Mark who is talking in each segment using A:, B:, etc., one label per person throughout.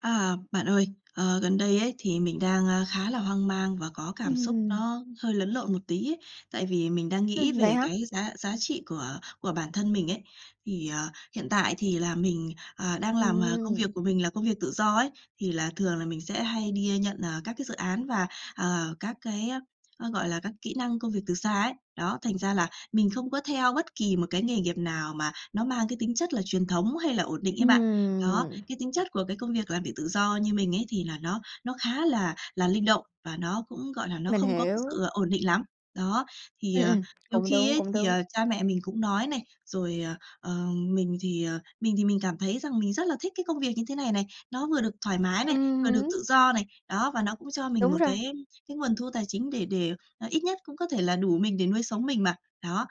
A: À bạn ơi, ờ, gần đây ấy, thì mình, a, đang khá là hoang mang và có cảm xúc
B: Ừm.
A: nó hơi lẫn lộn một tí ấy, tại vì mình đang nghĩ
B: Ừm, vậy
A: về
B: hả?
A: cái giá giá trị của của bản thân mình ấy. Thì, ờ, hiện tại thì là mình, ờ, đang làm, ờ, công việc
B: Ừm.
A: của mình là công việc tự do ấy, thì là thường là mình sẽ hay đi nhận, ờ, các cái dự án và, ờ, các cái gọi là các kỹ năng công việc từ xa ấy, đó, thành ra là mình không có theo bất kỳ một cái nghề nghiệp nào mà nó mang cái tính chất là truyền thống hay là ổn định ấy bạn. Đó,
B: Ừm.
A: cái tính chất của cái công việc làm việc tự do như mình ấy, thì là nó nó khá là là linh động và nó cũng, gọi là, nó
B: Mình
A: không có cái
B: hiểu.
A: sự ổn định lắm. Đó, thì,
B: Ừm,
A: ờ,
B: ừm,
A: nhiều
B: cũng
A: khi
B: đúng,
A: ấy
B: cũng
A: thì,
B: đúng.
A: ờ, cha mẹ mình cũng nói này, rồi, ờ, mình thì, ờ mình thì mình cảm thấy rằng mình rất là thích cái công việc như thế này này. Nó vừa được thoải mái này,
B: Ừm
A: vừa được
B: hửm.
A: tự do này, đó, và nó cũng cho mình một
B: Đúng rồi.
A: cái cái nguồn thu tài chính để để à ít nhất cũng có thể là đủ mình để nuôi sống mình mà, đó.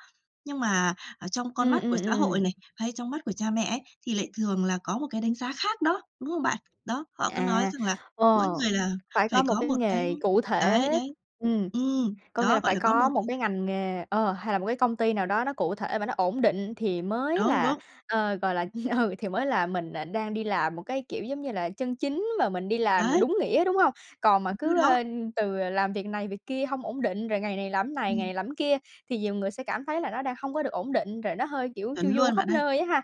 A: Nhưng mà ở trong con
B: Ừm,
A: mắt
B: ừm,
A: của xã hội
B: ừm.
A: này, hay trong mắt của cha mẹ ấy, thì lại thường là có một cái đánh giá khác đó, đúng không bạn? Đó, họ cứ nói
B: À,
A: rằng là mỗi
B: ồ,
A: người là
B: phải
A: phải
B: có một
A: có
B: cái
A: một cái
B: nghề cụ
A: đấy,
B: thể.
A: đấy.
B: Ừm,
A: Ừm.
B: có nghĩa
A: Đó,
B: là
A: gọi
B: phải
A: là có
B: có
A: một
B: một
A: c
B: cái ngành nghề ờ, hay là một cái công ty nào đó nó cụ thể và nó ổn định thì mới
A: Đúng,
B: là,
A: đúng.
B: ờ, gọi là ừ, thì mới là mình đang đi làm một cái, kiểu giống như là, chân chính mà mình đi làm
A: Đấy!
B: đúng nghĩa, đúng hông? Còn mà
A: Đúng rồi
B: cứ,
A: đó!
B: a, từ làm việc này việc kia hông ổn định, rồi ngày này làm cái này, ngày
A: Ừm.
B: này làm cái kia thì nhiều người sẽ cảm thấy là nó đang hông có được ổn định, rồi nó hơi kiểu
A: Chuẩn
B: chu du
A: luôn bạn
B: khắp
A: ơi!
B: nơi á ha?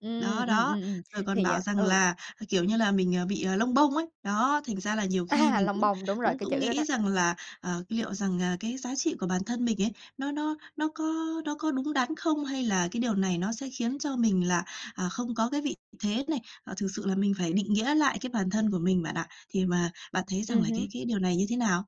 B: Ừm,
A: Đó,
B: ừm,
A: đó!
B: ừm, ừm,
A: Rồi còn
B: thì à
A: bảo rằng
B: ừ.
A: là, kiểu như là, mình, à, bị lông bông ấy! Đó, thành ra là nhiều khi
B: À,
A: mình
B: lông
A: cũng
B: bông, đúng rồi,
A: cũng
B: cái
A: cũng
B: chữ đó đó.
A: nghĩ rằng là, ờ, liệu rằng, à, cái giá trị của bản thân mình ấy, nó nó nó có nó có đúng đắn không hay là cái điều này nó sẽ khiến cho mình là, à, không có cái vị thế này. Ờ, thực sự là mình phải định nghĩa lại cái bản thân của mình bạn ạ. Thì mà bạn thấy rằng
B: Ừm
A: là cái
B: hứm.
A: cái điều này như thế nào?